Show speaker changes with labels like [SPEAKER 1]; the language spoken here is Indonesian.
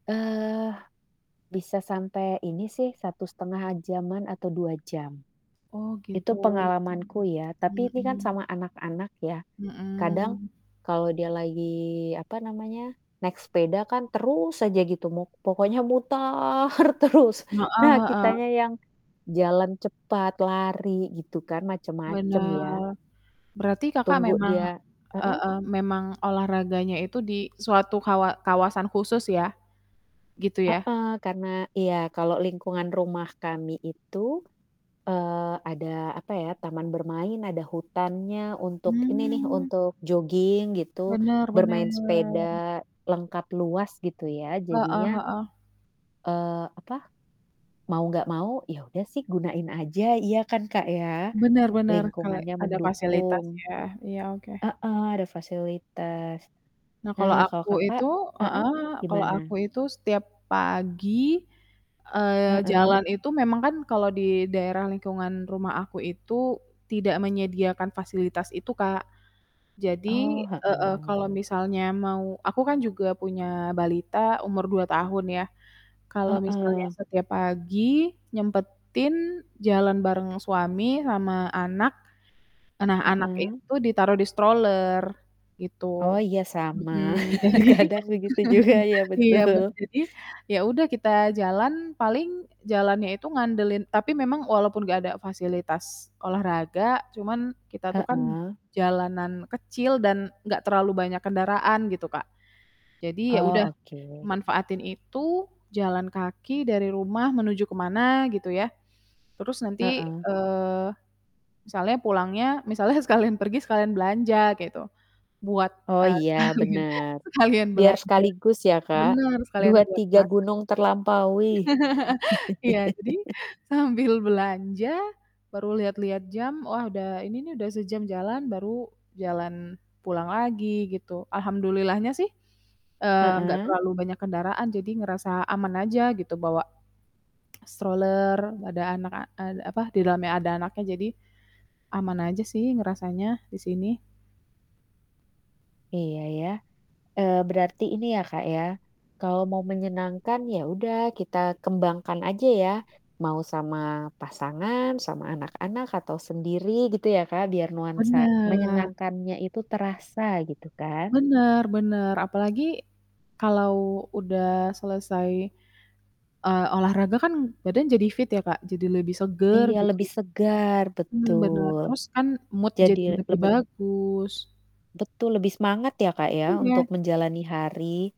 [SPEAKER 1] Eee, bisa sampai ini sih 1,5 jam-an atau 2 jam.
[SPEAKER 2] Oh gitu.
[SPEAKER 1] Itu pengalamanku ya, tapi
[SPEAKER 2] Mmm.
[SPEAKER 1] ini kan
[SPEAKER 2] Mhm.
[SPEAKER 1] sama anak-anak ya, kadang
[SPEAKER 2] Mhm.
[SPEAKER 1] kalau dia lagi, apa namanya, naik sepeda kan terus aja gitu mu pokoknya mutar terus,
[SPEAKER 2] Heeh
[SPEAKER 1] nah
[SPEAKER 2] heeh.
[SPEAKER 1] kitanya yang jalan cepat, lari gitu kan macem-macem ya.
[SPEAKER 2] Bener. Berarti Kakak
[SPEAKER 1] Tunggu
[SPEAKER 2] memang
[SPEAKER 1] dia heeh?
[SPEAKER 2] heeh, memang olahraganya itu di suatu kawa kawasan khusus ya? Gitu ya?
[SPEAKER 1] Heeh, karena iya, kalau lingkungan rumah kami itu, eee, ada apa ya, taman bermain, ada hutannya untuk ini nih,
[SPEAKER 2] Mmm.
[SPEAKER 1] untuk jogging gitu,
[SPEAKER 2] Benar
[SPEAKER 1] bermain
[SPEAKER 2] benar.
[SPEAKER 1] sepeda, lengkap, luas gitu ya,
[SPEAKER 2] Heeh
[SPEAKER 1] jadinya,
[SPEAKER 2] heeh.
[SPEAKER 1] eee, apa, mau gak mau ya udah sih gunain aja, iya kan Kak ya?
[SPEAKER 2] Benar benar kale
[SPEAKER 1] Lingkungannya
[SPEAKER 2] ada fasilitas
[SPEAKER 1] mendukung.
[SPEAKER 2] ya, iya, oke.
[SPEAKER 1] Heeh, ada fasilitas.
[SPEAKER 2] Nah kalau
[SPEAKER 1] Nah kalau
[SPEAKER 2] aku
[SPEAKER 1] Kakak
[SPEAKER 2] itu
[SPEAKER 1] heeh,
[SPEAKER 2] heeh, kalau aku
[SPEAKER 1] gimana?
[SPEAKER 2] itu setiap pagi, eee,
[SPEAKER 1] Heeh.
[SPEAKER 2] jalan itu memang kan kalau di daerah lingkungan rumah aku itu tidak menyediakan fasilitas itu, Kak. Jadi
[SPEAKER 1] Oh,
[SPEAKER 2] heeh
[SPEAKER 1] heeh.
[SPEAKER 2] kalau misalnya mau aku kan juga punya balita umur 2 tahun ya, kalau misalnya
[SPEAKER 1] Heeh.
[SPEAKER 2] setiap pagi, nyempetin jalan bareng suami sama anak, nah anak
[SPEAKER 1] Heeh.
[SPEAKER 2] itu ditaruh di stroller
[SPEAKER 1] Oh,
[SPEAKER 2] gitu.
[SPEAKER 1] iya sama,
[SPEAKER 2] Mhm, jadi
[SPEAKER 1] kadang begitu juga ya
[SPEAKER 2] iya be
[SPEAKER 1] betul.
[SPEAKER 2] jadi, ya udah kita jalan paling jalannya itu ngandelin tapi memang walaupun gak ada fasilitas olahraga, cuman kita tuh kan
[SPEAKER 1] Heeh.
[SPEAKER 2] jalanan kecil dan enggak terlalu banyak kendaraan gitu Kak, jadi ya udah
[SPEAKER 1] Oh, oke.
[SPEAKER 2] manfaatin itu, jalan kaki dari rumah menuju ke mana gitu ya, terus nanti,
[SPEAKER 1] Heeh.
[SPEAKER 2] eee, misalnya pulangnya misalnya sekalian pergi sekalian belanja gitu, buat,
[SPEAKER 1] Oh
[SPEAKER 2] eee,
[SPEAKER 1] iya
[SPEAKER 2] sekalian
[SPEAKER 1] bener,
[SPEAKER 2] sekalian
[SPEAKER 1] biar
[SPEAKER 2] belanja.
[SPEAKER 1] sekaligus ya Kak,
[SPEAKER 2] Bener sekalian
[SPEAKER 1] dua
[SPEAKER 2] buat
[SPEAKER 1] tiga
[SPEAKER 2] masak.
[SPEAKER 1] gunung terlampaui.
[SPEAKER 2] Iya, jadi sambil belanja baru lihat-lihat jam, wah udah ini nih, udah sejam jalan baru jalan pulang lagi gitu, alhamdulillahnya sih, eee, enggak
[SPEAKER 1] Heeh.
[SPEAKER 2] terlalu banyak kendaraan jadi ngerasa aman aja gitu bawa stroller, ada anak a ada apa di dalamnya ada anaknya, jadi aman aja sih ngerasanya di sini.
[SPEAKER 1] Iya ya, eee, berarti ini ya Kak ya, kalau mau menyenangkan ya udah kita kembangkan aja ya, mau sama pasangan, sama anak-anak, atau sendiri gitu ya Kak, biar nuansa
[SPEAKER 2] Bener.
[SPEAKER 1] menyenangkannya itu terasa gitu kan.
[SPEAKER 2] Bener bener, apalagi kalau udah selesai, eee, olahraga kan badan jadi fit ya Kak, jadi lebih seger
[SPEAKER 1] Iya,
[SPEAKER 2] gitu.
[SPEAKER 1] lebih segar,
[SPEAKER 2] Mmm, bener,
[SPEAKER 1] betul.
[SPEAKER 2] terus kan mood
[SPEAKER 1] Jadi,
[SPEAKER 2] jadi lebih
[SPEAKER 1] lebih
[SPEAKER 2] bagus.
[SPEAKER 1] Betul lebih semangat ya Kak ya
[SPEAKER 2] Iya.
[SPEAKER 1] untuk menjalani hari.